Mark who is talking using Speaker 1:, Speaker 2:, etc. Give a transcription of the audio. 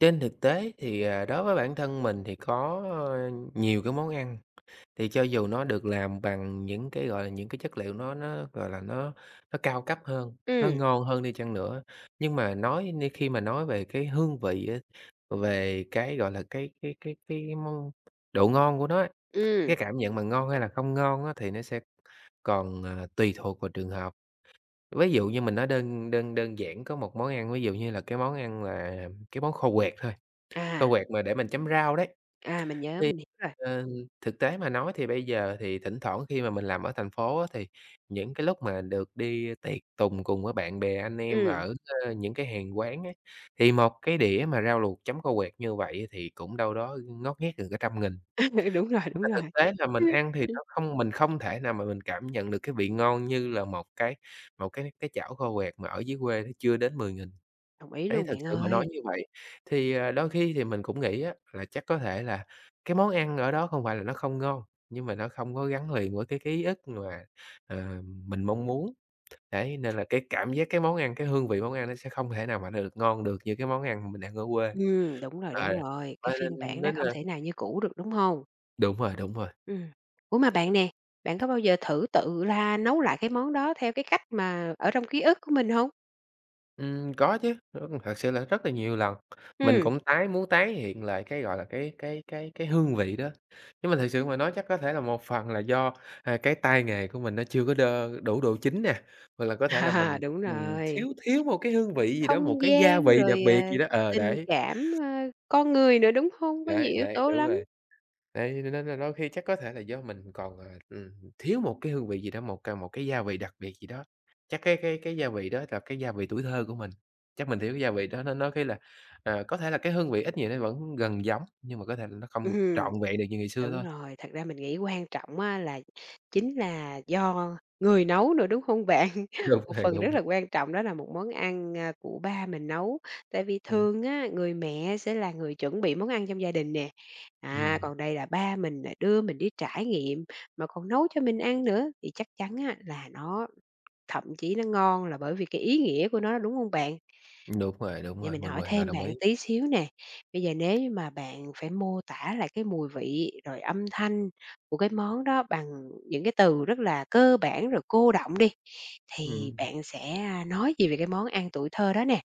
Speaker 1: Trên thực tế thì, à, đối với bản thân mình thì có, ơ, nhiều cái món ăn. Thì cho dù nó được làm bằng những cái, gọi là, những cái chất liệu nó nó, gọi là, nó nó cao cấp hơn, nó
Speaker 2: Ừm.
Speaker 1: ngon hơn đi chăng nữa, nhưng mà nói nhưng khi mà nói về cái hương vị á, về cái, gọi là, cái cái cái cái món độ ngon của nó á, cái
Speaker 2: Ừm.
Speaker 1: cảm nhận mà ngon hay là không ngon á thì nó sẽ còn, à, tùy thuộc vào trường hợp. Ví dụ như mình nói đơn đơn đơn giản có một món ăn, ví dụ như là cái món ăn là cái món kho quẹt thôi,
Speaker 2: À.
Speaker 1: kho quẹt mà để mình chấm rau đấy. Thì,
Speaker 2: À, mình nhớ, mình hiểu rồi.
Speaker 1: ờ, thực tế mà nói thì bây giờ thì thỉnh thoảng khi mà mình làm ở thành phố á thì những cái lúc mà được đi tiệc tùng cùng với bạn bè anh em
Speaker 2: Ừ.
Speaker 1: ở, a, những cái hàng quán á, thì một cái đĩa mà rau luộc chấm kho quẹt như vậy thì cũng đâu đó ngót nghét gần cả trăm nghìn.
Speaker 2: Đúng rồi, đúng
Speaker 1: Mà
Speaker 2: rồi.
Speaker 1: thực tế là mình ăn thì nó không mình không thể nào mà mình cảm nhận được cái vị ngon như là một cái một cái cái chảo kho quẹt mà ở dưới quê chưa đến 10.000.
Speaker 2: Đồng ý
Speaker 1: Đấy
Speaker 2: luôn
Speaker 1: thực
Speaker 2: bạn
Speaker 1: sự mà nói
Speaker 2: ơi.
Speaker 1: như vậy, thì, à, đôi khi thì mình cũng nghĩ á là chắc có thể là cái món ăn ở đó không phải là nó không ngon, nhưng mà nó không có gắn liền với cái ký ức mà, à, mình mong muốn, đấy, nên là cái cảm giác cái món ăn, cái hương vị món ăn nó sẽ không thể nào mà được ngon được như cái món ăn mình ăn ở quê.
Speaker 2: Ừm, đúng rồi,
Speaker 1: Ờ,
Speaker 2: đúng rồi, cái
Speaker 1: và
Speaker 2: phiên
Speaker 1: nên
Speaker 2: bản đó
Speaker 1: nên
Speaker 2: không
Speaker 1: là
Speaker 2: thể nào như cũ được, đúng hông?
Speaker 1: Đúng rồi, đúng rồi.
Speaker 2: Ừm. Ủa, mà bạn nè, bạn có bao giờ thử tự la nấu lại cái món đó theo cái cách mà ở trong ký ức của mình hông?
Speaker 1: Ừm, có chứ. Ơ, thật sự là rất là nhiều lần, mình
Speaker 2: Ừm.
Speaker 1: cũng tái muốn tái hiện lại cái, gọi là, cái cái cái cái hương vị đó, nhưng mà thực sự mà nói chắc có thể là một phần là do, ờ, cái tay nghề của mình nó chưa có đơ đủ độ chín nè, hoặc là có thể là mình,
Speaker 2: Đúng
Speaker 1: ừm,
Speaker 2: rồi.
Speaker 1: thiếu thiếu một cái hương vị gì đó, một
Speaker 2: Không
Speaker 1: cái gia
Speaker 2: gian
Speaker 1: vị đặc
Speaker 2: rồi, ờ,
Speaker 1: biệt gì đó, ờ,
Speaker 2: tình
Speaker 1: đấy.
Speaker 2: cảm, a, con người nữa, đúng hông? Có nhiều
Speaker 1: Đấy,
Speaker 2: yếu
Speaker 1: đấy,
Speaker 2: tố
Speaker 1: đúng rồi.
Speaker 2: lắm.
Speaker 1: Đấy, cho nên là đôi khi chắc có thể là do mình còn, à, ừm, thiếu một cái hương vị gì đó, một ca một cái gia vị đặc biệt gì đó, chắc cái cái cái gia vị đó là cái gia vị tuổi thơ của mình, chắc mình thiếu gia vị đó, nên đôi khi là, ờ, có thể là cái hương vị ít nhiều nó vẫn gần giống nhưng mà có thể là nó không
Speaker 2: Ừm.
Speaker 1: trọn vẹn được như ngày xưa
Speaker 2: Đúng
Speaker 1: thôi.
Speaker 2: rồi, thật ra mình nghĩ quan trọng á là chính là do người nấu nữa, đúng không bạn?
Speaker 1: Đúng
Speaker 2: Một
Speaker 1: rồi,
Speaker 2: phần
Speaker 1: đúng
Speaker 2: rất
Speaker 1: rồi.
Speaker 2: là quan trọng đó là một món ăn, a, của ba mình nấu, tại vì
Speaker 1: Ừm.
Speaker 2: thường á, người mẹ sẽ là người chuẩn bị món ăn trong gia đình nè, à,
Speaker 1: Ừm.
Speaker 2: còn đây là ba mình nè đưa mình đi trải nghiệm, mà còn nấu cho mình ăn nữa, thì chắc chắn á là nó thậm chí nó ngon là bởi vì cái ý nghĩa của nó, đúng hông bạn?
Speaker 1: Đúng rồi, đúng
Speaker 2: Vậy
Speaker 1: rồi,
Speaker 2: mình
Speaker 1: mình
Speaker 2: hỏi
Speaker 1: hoàn toàn
Speaker 2: thêm
Speaker 1: đồng
Speaker 2: bạn
Speaker 1: ý.
Speaker 2: tí xíu nè, bây giờ nếu như mà bạn phải mô tả lại cái mùi vị, rồi âm thanh của cái món đó bằng những cái từ rất là cơ bản rồi cô đọng đi, thì
Speaker 1: Ừm.
Speaker 2: bạn sẽ, a, nói gì về cái món ăn tuổi thơ đó nè?